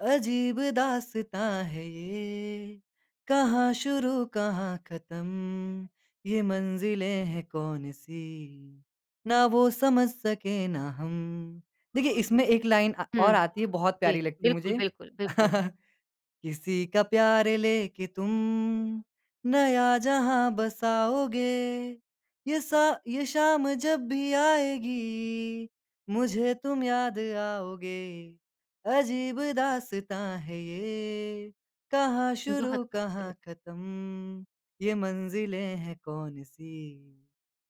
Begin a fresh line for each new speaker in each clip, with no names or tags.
अजीब दास्ताँ है ये, कहाँ शुरू कहाँ ख़त्म, ये मंजिलें है कौन-सी, ना वो समझ सके ना हम। देखिए, इसमें 1 लाइन अ,
हुँ।
और आती है, बहुत प्यारी
जी,
लगती है
बिल्कुल,
मुझे।
बिल्कुल, बिल्कुल।
किसी का प्यारे लेके तुम नया जहाँ बसाओगे, ये सा ये शाम जब भी आएगी, मुझे तुम याद आओगे, अजीब दास्ताँ है ये, कहाँ
बहुत
शुरू कहाँ
ख़ूबसूरत।
ख़त्म, ये मंजिलें है कौन-सी,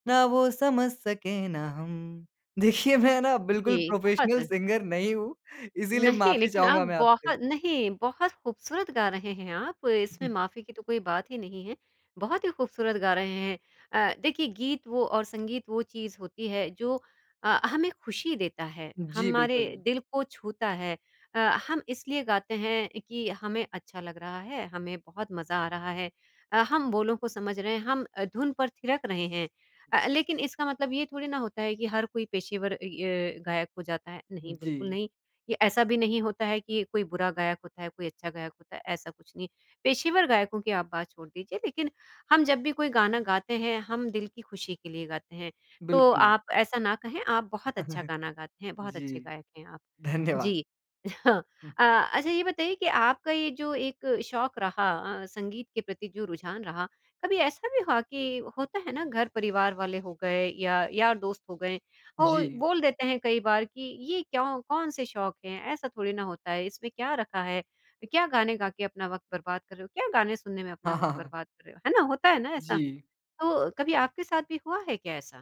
ना वो समझ सके ना हम। देखिए, मैं ना बिल्कुल
जी,
प्रोफ़ेशनल
बहुत।
सिंगर नहीं हूँ, इसीलिए
नहीं
माफ़ी
लेकिन आप
चाहूँगा मैं आपसे।
बहुत नहीं, बहुत ख़ूबसूरत गा रहे हैं आप, इसमें माफ़ी की तो कोई बात ही नहीं है, बहुत ही ख़ूबसूरत गा रहे हैं। अ, देखिए गीत वो और संगीत वो चीज़ होती है, जो अ, हमें ख़ुशी देता है,
जी,
हमारे
बिल्कुल।
दिल को छूता है अ, हम इसलिए गाते हैं, कि हमें अच्छा लग रहा है, हमें बहुत मज़ा आ रहा है। अ, हम बोलों को समझ रहे हैं, हम अ, धुन पर थिरक रहे हैं। अ, लेकिन इसका मतलब ये थोड़ी ना होता है कि हर कोई पेशेवर इ अ, गायक हो जाता है, नहीं बिल्कुल
जी।
नहीं, ये ऐसा भी नहीं होता है कि कोई बुरा गायक होता है, कोई अच्छा गायक होता है, ऐसा कुछ नहीं। पेशेवर गायकों की आप बात छोड़ दीजिए, लेकिन हम जब भी कोई गाना गाते हैं, हम दिल की खुशी के लिए गाते हैं। तो
बिल्कुल।
आप ऐसा ना कहें आप बहुत अच्छा गाना गाते हैं, बहुत अच्छे
जी।
गायक हैं आप,
धन्यवाद।
जी।
हुँ।
अ, अच्छा ये बताइए कि आपका ये जो एक शौक रहा अ, संगीत के प्रति जो रुझान रहा, कभी ऐसा भी हुआ कि होता है ना घर-परिवार वाले हो गए या यार-दोस्त हो गए, वो
जी।
बोल देते हैं कई बार कि ये क्यों कौन-से शौक हैं, ऐसा थोड़ी ना होता है, इसमें क्या रखा है, क्या गाने गा के अपना वक़्त बर्बाद कर रहे हो? क्या गाने सुनने में अपना
हाँ,
वक़्त
हाँ।
बर्बाद कर रहे हो? है ना, होता है ना ऐसा,
जी।
तो कभी आपके साथ भी हुआ है क्या ऐसा?